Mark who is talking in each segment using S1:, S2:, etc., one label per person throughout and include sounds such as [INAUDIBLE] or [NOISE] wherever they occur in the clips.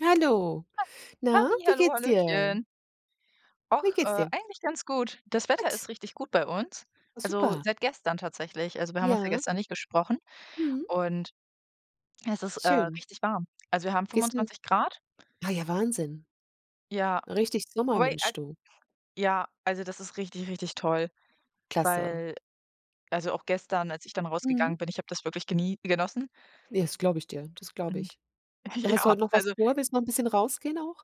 S1: Hallo.
S2: Ha
S1: Na,
S2: Halli,
S1: wie
S2: hallo,
S1: geht's dir?
S2: hallöchen. Och,
S1: Wie geht's
S2: äh,
S1: dir?
S2: eigentlich ganz gut. Das Wetter
S1: Gut.
S2: ist richtig gut bei uns also,
S1: Super.
S2: seit gestern tatsächlich also, wir haben uns ja
S1: Ja.
S2: gestern nicht gesprochen
S1: Mhm.
S2: und es ist, äh,
S1: Schön.
S2: richtig warm. Also, wir haben
S1: Gehst n
S2: 25 C.
S1: Ah ja, Wahnsinn.
S2: Ja.
S1: Richtig Sommer,
S2: Wobei,
S1: Mensch
S2: ei
S1: du.
S2: ja, also das ist richtig, richtig toll,
S1: Klasse.
S2: weil also, auch gestern, als ich dann
S1: Mhm.
S2: rausgegangen bin, ich habe das wirklich geni genossen.
S1: Ja, das glaube ich dir, das glaube
S2: Und
S1: ich. Hast du
S2: ja,
S1: heute noch was
S2: also
S1: vor? Willst noch 'n bisschen rausgehen auch?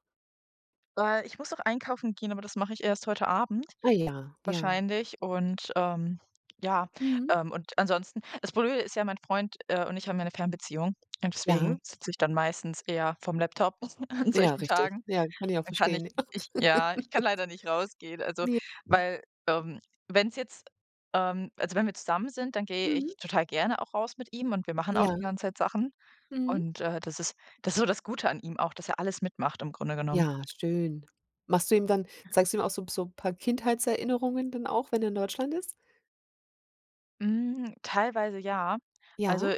S2: Äh, ich muss noch einkaufen gehen, aber das mache ich erst heute Abend
S1: Ah ja, ja.
S2: wahrscheinlich. Und, ähm, ja,
S1: Mhm.
S2: ähm, und ansonsten das Blöde ist ja, mein Freund, äh, und ich haben ja 'ne Fernbeziehung und
S1: Ja.
S2: deswegen sitze ich dann meistens eher vorm Laptop [CHUCKLES] an
S1: Ja,
S2: solchen
S1: richtig.
S2: Tagen.
S1: Ja, kann ich auch
S2: Dann kann ich
S1: verstehen, ja.
S2: ich ja, ich kann
S1: [CHUCKLES]
S2: leider nicht rausgehen. Also,
S1: Ne. Hm.
S2: weil, ähm, wenn's jetzt ähm, also wenn wir zusammen sind, dann gehe
S1: Mhm.
S2: ich total gerne auch raus mit ihm und wir machen auch die
S1: Ja.
S2: ganze Zeit Sachen
S1: Mhm.
S2: und, äh, das ist das ist so das Gute an ihm auch, dass er alles mitmacht im Grunde genommen.
S1: Ja, schön. Machst du ihm dann zeigst du ihm auch so 'n so 'n paar Kindheitserinnerungen dann auch, wenn er in Deutschland ist?
S2: Mm, teilweise ja.
S1: Ja.
S2: Also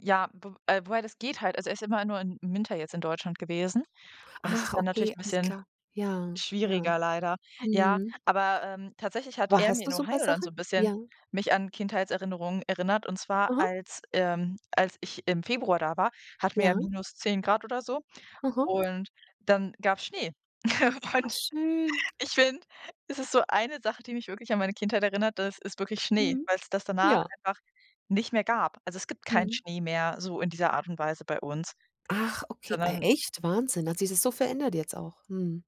S2: ja, wo äh, wobei das geht halt also, er ist immer nur im Winter jetzt in Deutschland gewesen und das ist
S1: Ach,
S2: dann natürlich
S1: okay,
S2: 'n
S1: alles
S2: bisschen
S1: klar. Ja, ja.
S2: schwieriger leider. Ja,
S1: Mhm.
S2: aber, ähm, tatsächlich hat
S1: Wa
S2: er mir
S1: hast du
S2: in
S1: so 'n paar
S2: Ohio dann so
S1: Sachen?
S2: 'n bisschen
S1: Ja.
S2: mich an Kindheitserinnerungen erinnert und zwar
S1: Aha.
S2: als ähm, als ich im Februar da war, hatten wir ja
S1: Ja.
S2: - 10 C oder so.
S1: Aha.
S2: Und dann gab's Schnee. [CHUCKLES]
S1: Ach,
S2: Und
S1: schön.
S2: ich finde, es ist so eine Sache, die mich wirklich an meine Kindheit erinnert das ist wirklich Schnee,
S1: Mhm.
S2: weil's das danach
S1: Ja.
S2: einfach nicht mehr gab. Also, es gibt keinen
S1: Mhm.
S2: Schnee mehr so in dieser Art und Weise bei uns,
S1: Ach, okay, ey
S2: sondern
S1: echt? Wahnsinn. Da hat sich das so verändert jetzt auch. Mhm.